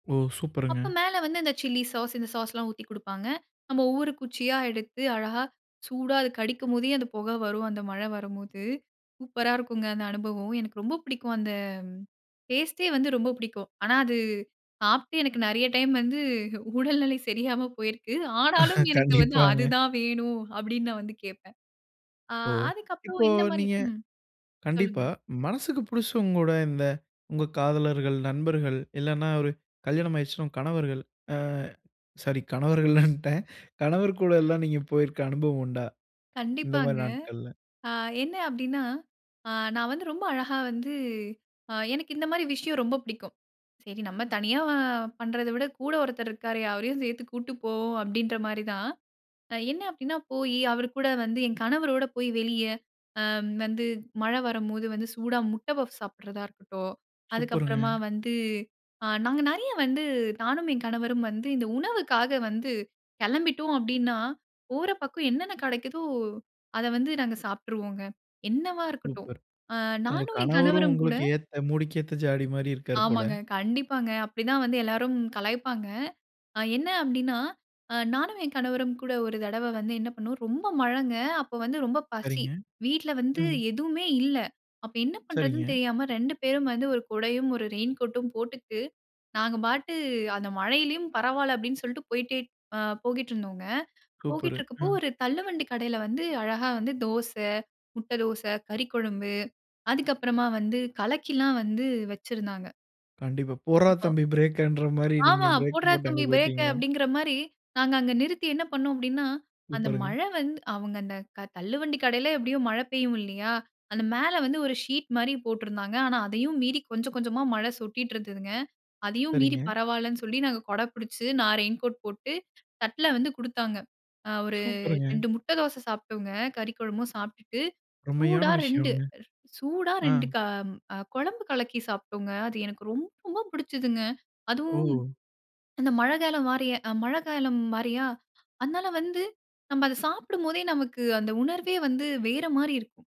ஓ அப்போ சூப்பருங்க. மேல வந்து இந்த சில்லி சாஸ், இந்த சாஸ்லாம் ஊத்தி குடுப்பாங்க. நம்ம ஒவ்வொரு குச்சியா எடுத்து அழகா, சூடா அது கடிக்கும்போதே அந்த புகை வரும். அந்த மழை வரும்போது, சூப்பரா இருக்குங்க அந்த அனுபவம். எனக்கு ரொம்ப பிடிக்கும். அந்த டேஸ்ட்டே வந்து ரொம்ப பிடிக்கும். ஆனா அது, சாப்ட்டு எனக்கு நிறைய டைம் வந்து உடல்நிலை சரியாம போயிருக்குது. ஆனாலும் எனக்கு வந்து கண்டிப்பாங்க. அதுதான் வேணும். அப்படின்னு நான் வந்து கேப்பேன். ஓ! அதுக்கப்புறம் இப்போ இந்த மாதிரி. நீங்க ம். சொல்லுங்க. கண்டிப்பா. மனசுக்கு பிடிச்சவங்க கூட, இந்த உங்க காதலர்கள், நண்பர்கள் இல்லன்னா ஒரு கல்யாணம் ஆயிடுச்சுன்னா உங்க கணவர்கள். ஆ சாரி கணவர்கள்ன்னுட்டேன். கணவர் கூட எல்லாம் நீங்க போயிருக்கற அனுபவம் உண்டா? இந்த மாரி கண்டிப்பாங்க. நாட்கள்ல. ஆ என்ன அப்படின்னா, ஆ நான் வந்து ரொம்ப அழகா வந்து எனக்கு இந்த மாரி விஷயம் ரொம்ப பிடிக்கும். சரி நம்ம தனியா பண்றதா விட கூட ஒருத்தர் இருக்காரு அவரையும் சேர்த்து கூட்டிட்டு போவோம். அப்படிங்கிற மாரி தான். என்ன அப்படின்னா போய் அவர் கூட வந்து என் கணவரோடு போய் வெளியே, வந்து மழை வரும்போது வந்து சூடா முட்ட பஃப்ஸ் சாப்பிடுறதா இருக்கட்டும். அதுக்கு சூப்பருங்க. அப்புறமா வந்து, நாங்க நிறைய வந்து நானும், என் கணவரும் வந்து இந்த உணவுக்காக வந்து கிளம்பிட்டோம் அப்படின்னா, போற பக்கம் என்னென்ன கிடைக்குதோ, அத வந்து நாங்க சாப்ட்டுருவோங்க. என்னவா இருக்கட்டும். சூப்பர். உங்க நானும் என் கணவரும், கணவரும் கூட உங்களுக்கு ஏத்த "மூடிக் ஏத்த ஜாடி மாரி" இருக்கார் போல. ஆமாங்க, கண்டிப்பாங்க அப்படிதான் வந்து எல்லாரும் கலாய்ப்பாங்க. என்ன அப்டின்னா, ஆ நானும் என் கணவரும் கூட ஒரு தடவை வந்து என்ன பண்னோம் ரொம்ப மழைங்க அப்போ வந்து ரொம்ப பசி. சரிங்க. வீட்ல வந்து எதுவுமே இல்ல. அப்போ என்ன பண்ணுறதுன்னு சரிங்க. தெரியாம ரெண்டு பேரும் வந்து 1 குடையும் 1 ரெயின்கோட்டும் போட்டுட்டு, நாங்க பாட்டு அந்த மழையிலும் பரவாயில்ல அப்படின்னு சொல்லிட்டு போயிட்டே போய்ட்டு இருந்தோம். சூப்பர். போயிட்டு இருக்குறப்போ ம். ஒரு தள்ளுவண்டி கடையில வந்து அழகா வந்து தோசை, முட்டை தோசை, கறிக்குழம்பு அதுக்கப்புறமா வந்து கலக்கி எல்லாம் வந்து வச்சிருந்தாங்க. கண்டிப்பா, போடுறா அப்போ தம்பி பிரேக்கங்கிற மாரி, நீங்க ஆமா, பிரேக் "போடுறா போட்டு அங்க தம்பி பிரேக்க" போய்ட்டீங்க? அப்படிங்கிற மாரி, நாங்க அங்க நிறுத்தி என்ன பண்னோம் அப்படின்னா, அந்த சூப்பருங்க. மழை வந்து அவங்க அந்த தள்ளுவண்டி கடையில எப்படியோ மழை பெய்யும் இல்லையா? அந்த மேல வந்து ஒரு ஷீட் மாரி போட்டிருந்தாங்க. ஆனா அதையும் மீறி கொஞ்சம் கொஞ்சமா மழை சொட்டிட்டு இருந்ததுங்க. அதையும் மீறி சரிங்க. பரவாயில்லனு சொல்லி நாங்க குடை பிடிச்சு, நான் ரெயின் கோட் போட்டு, தட்ல வந்து குடுத்தாங்க. ஆ ஒரு சூப்பர்ங்க. 2 முட்டை தோசை சாப்பிட்டோங்க. கறி குழம்பும் சாப்பிட்டுட்டு உண்மையான சூடா 2, விஷயம். சூடா அ. 2 குழம்பு கலக்கி சாப்பிட்டோங்க. அது எனக்கு ரொம்ப பிடிச்சதுங்க. அதுவும் ஓ! அந்த மழைகாலம் மாரியே மழைகாலம் மாரியா அதனால வந்து, நம்ம அத சாப்பிடும்போதே நமக்கு அந்த உணர்வே வந்து வேற மாரி இருக்கும்.